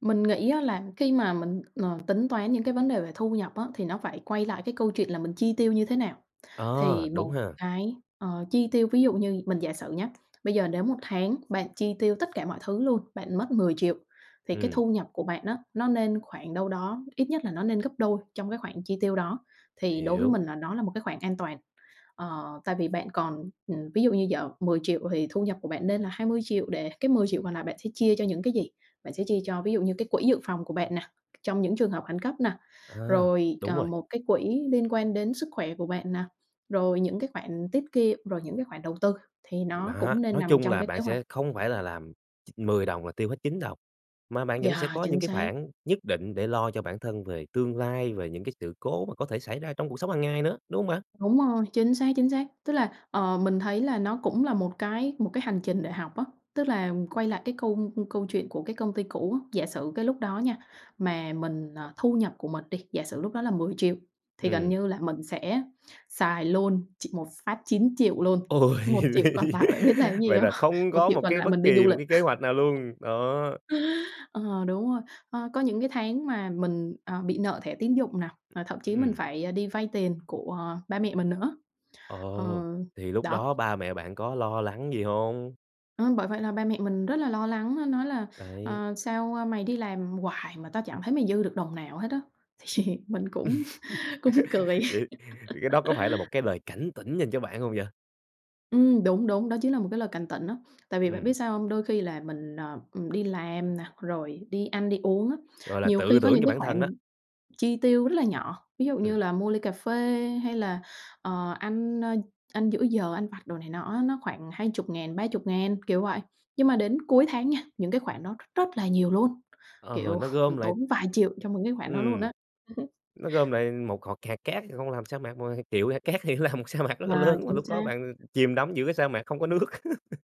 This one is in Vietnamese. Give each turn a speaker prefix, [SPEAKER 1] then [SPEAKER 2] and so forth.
[SPEAKER 1] Mình nghĩ á là khi mà mình, ờ, tính toán những cái vấn đề về thu nhập á thì nó phải quay lại cái câu chuyện là mình chi tiêu như thế nào.
[SPEAKER 2] Ờ,
[SPEAKER 1] Thì
[SPEAKER 2] đúng
[SPEAKER 1] một
[SPEAKER 2] ha.
[SPEAKER 1] cái, ờ, chi tiêu ví dụ như mình giả sử nhá, bây giờ nếu một tháng bạn chi tiêu tất cả mọi thứ luôn, bạn mất 10.000.000 thì cái
[SPEAKER 2] Ừm.
[SPEAKER 1] thu nhập của bạn á, nó nên khoảng đâu đó ít nhất là nó nên gấp đôi trong cái khoản chi tiêu đó. Thì đối với
[SPEAKER 2] Hiểu.
[SPEAKER 1] mình là nó là một cái khoảng an toàn. Ờ, tại vì bạn còn mình ví dụ như giờ 10.000.000 thì thu nhập của bạn nên là 20.000.000 để cái 10.000.000 còn lại bạn sẽ chia cho những cái gì? Bạn sẽ chia cho, ví dụ như, cái quỹ dự phòng của bạn nè, trong những trường hợp khẩn cấp nè,
[SPEAKER 2] À,
[SPEAKER 1] rồi,
[SPEAKER 2] đúng
[SPEAKER 1] ờ,
[SPEAKER 2] rồi.
[SPEAKER 1] một cái quỹ liên quan đến sức khỏe của bạn nè, rồi những cái khoản tiết kiệm, rồi những cái khoản đầu tư thì nó
[SPEAKER 2] Đó,
[SPEAKER 1] cũng nên
[SPEAKER 2] nói
[SPEAKER 1] nằm
[SPEAKER 2] chung
[SPEAKER 1] trong
[SPEAKER 2] là
[SPEAKER 1] cái
[SPEAKER 2] bạn
[SPEAKER 1] kế hoạch.
[SPEAKER 2] sẽ không phải là làm ch 10 đồng là tiêu hết 9 đồng, mà bạn vẫn sẽ
[SPEAKER 1] Yeah,
[SPEAKER 2] có
[SPEAKER 1] chính
[SPEAKER 2] những cái
[SPEAKER 1] xác.
[SPEAKER 2] khoản nhất định để lo cho bản thân về tương lai, về những cái sự cố mà có thể xảy ra trong cuộc sống hàng ngày nữa, đúng hông bạn?
[SPEAKER 1] Đúng rồi, chính xác, chính xác. Tức là, ờ, mình thấy là nó cũng là một cái một cái hành trình để học á, tức là quay lại cái câu câu chuyện của cái công ty cũ á, giả sử cái lúc đó nha, mà mình ờ, thu nhập của mình đi, giả sử lúc đó là 10.000.000 thì gần
[SPEAKER 2] Ừm.
[SPEAKER 1] như là mình sẽ xài luôn chỉ một phát 9.000.000 luôn,
[SPEAKER 2] Ôi,
[SPEAKER 1] 1.000.000 còn lại bạn biết làm cái gì
[SPEAKER 2] vậy
[SPEAKER 1] hông?
[SPEAKER 2] là không
[SPEAKER 1] một
[SPEAKER 2] có
[SPEAKER 1] triệu
[SPEAKER 2] một
[SPEAKER 1] còn
[SPEAKER 2] cái
[SPEAKER 1] lại
[SPEAKER 2] bất
[SPEAKER 1] mình đi du
[SPEAKER 2] kỳ một
[SPEAKER 1] lịch.
[SPEAKER 2] cái kế hoạch nào luôn, đó.
[SPEAKER 1] Ờ, đúng rồi, ờ, có những cái tháng mà mình, ờ, bị nợ thẻ tín dụng nè, và thậm chí mình
[SPEAKER 2] Ừm.
[SPEAKER 1] phải, ờ, đi vay tiền của ba mẹ mình nữa.
[SPEAKER 2] Ờ,
[SPEAKER 1] Ờ.
[SPEAKER 2] thì lúc
[SPEAKER 1] Đó.
[SPEAKER 2] đó ba mẹ bạn có lo lắng gì hông?
[SPEAKER 1] Ờm, bởi vậy là ba mẹ mình rất là lo lắng nói là
[SPEAKER 2] Đấy.
[SPEAKER 1] "Ờ, sao, ờ, mày đi làm hoài mà tao chẳng thấy mày dư được đồng nào hết á." Thì mình cũng cũng cười.
[SPEAKER 2] Vậy cái đó có phải là một cái lời cảnh tỉnh dành cho bạn hông vậy?
[SPEAKER 1] Ừm, đúng, đúng. Đó chính là một cái lời cảnh tỉnh á, tại vì bạn biết
[SPEAKER 2] Ừm.
[SPEAKER 1] sao hông? Đôi khi là mình, ờ, đi làm nè, rồi đi ăn đi uống á,
[SPEAKER 2] Gọi là
[SPEAKER 1] nhiều
[SPEAKER 2] tự
[SPEAKER 1] khi có
[SPEAKER 2] tưởng
[SPEAKER 1] những
[SPEAKER 2] cho
[SPEAKER 1] cái
[SPEAKER 2] bản thân đó.
[SPEAKER 1] khoản chi tiêu rất là nhỏ, ví dụ
[SPEAKER 2] Ừm.
[SPEAKER 1] như là mua ly cà phê hay là, ờ, ăn, ơ, ăn giữa giờ, ăn vặt đồ này nọ á, nó khoảng 20.000, 30.000, kiểu vậy. Nhưng mà đến cuối tháng nha, những cái khoản đó r rất là nhiều luôn,
[SPEAKER 2] Ờ,
[SPEAKER 1] kiểu,
[SPEAKER 2] nó gom
[SPEAKER 1] mình
[SPEAKER 2] lại
[SPEAKER 1] tốn vài triệu cho những cái khoản đó luôn
[SPEAKER 2] Ừm,
[SPEAKER 1] á.
[SPEAKER 2] nó gom lại một hột hạt cát không làm thành sa mạc, nhưng triệu hạt cát thì nó làm một sa mạc rất là
[SPEAKER 1] Ờ,
[SPEAKER 2] lớn, mà
[SPEAKER 1] chính
[SPEAKER 2] lúc đó
[SPEAKER 1] xác.
[SPEAKER 2] bạn chìm đắm giữa cái sa mạc không có nước.